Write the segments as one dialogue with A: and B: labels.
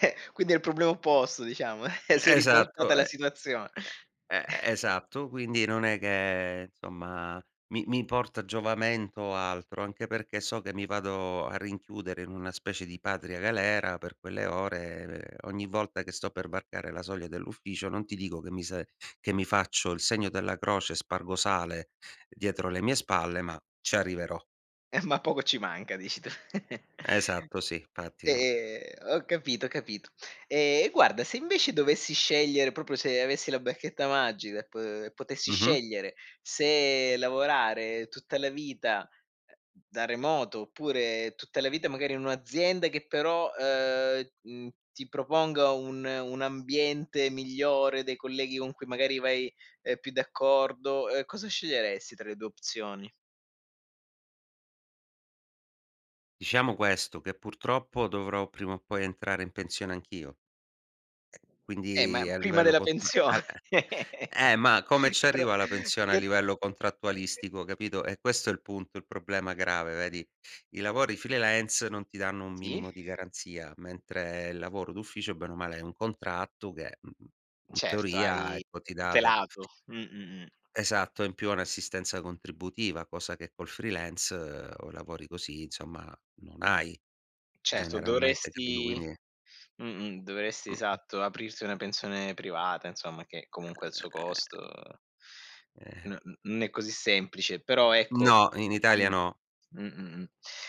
A: Eh, quindi è il problema opposto diciamo. Si è ribaltata
B: Esatto, e
A: la situazione.
B: e e e esatto. Quindi non è che, insomma, mi mi porta giovamento o altro; anche perché so che mi vado a rinchiudere in una specie di patria galera per quelle ore. Beh, ogni volta che sto per varcare la soglia dell'ufficio, non ti dico che mi sa che mi faccio il segno della croce, spargo sale dietro le mie spalle, ma ci arriverò.
A: Eh, ma poco ci manca dici tu.
B: Esatto sì, fatti no
A: E, ehm, ho capito, capito. Ehm, e guarda, se invece dovessi scegliere proprio se avessi la bacchetta magica e p potessi
B: Mh-mh.
A: scegliere se lavorare tutta la vita, ehm, da remoto, oppure tutta la vita magari in un'azienda che però, ehm, mhmm, ti proponga un un ambiente migliore, dei colleghi con cui magari vai, ehm, più d'accordo, ehm, cosa sceglieresti tra le 2 opzioni?
B: Diciamo questo, che purtroppo dovrò prima o poi entrare in pensione anch'io. Eh,
A: Eh, ma
B: quindi a
A: prima
B: livello
A: della
B: contra
A: pensione.
B: al eh, eh, ma come ci
A: E però
B: arrivo alla pensione a
A: che
B: livello contrattualistico, capito, è questo il punto, il problema grave, vedi. I lavori freelance non ti danno un
A: Sì.
B: minimo di garanzia, mentre il lavoro d'ufficio, bene o male, è un contratto che, mhmm, mhmm, in
A: Certo,
B: teoria
A: hai
B: ecco ti dà de
A: tutelato. Mh-mh-mh.
B: Esatto, in più ha un'assistenza contributiva, cosa che col freelance o lavori così, insomma non hai
A: Certo,
B: generalmente, capito.
A: dovresti
B: Quindi
A: mh-mh, dovresti,
B: Mh-Mh
A: esatto, aprirti una pensione privata, insomma che
B: E
A: comunque ha il suo costo.
B: Eh.
A: N n non è così semplice. Però ecco
B: No, in Italia
A: m
B: no.
A: mh-mh, mh, mh, mh.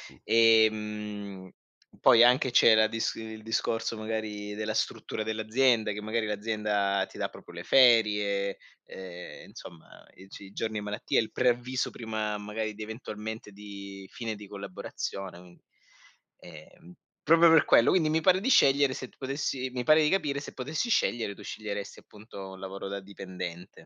B: Mh.
A: Ehm, poi anche c'era dis il discorso magari della struttura dell'azienda, che magari l'azienda ti dà proprio le ferie, ehm, insomma, i ci i giorni di malattia, il preavviso prima magari di eventualmente, di fine di collaborazione, quin ehm, proprio per quello. Quindi mi pare di scegliere, se tu potessi mi pare di capire se potessi scegliere, tu sceglieresti appunto un lavoro da dipendente.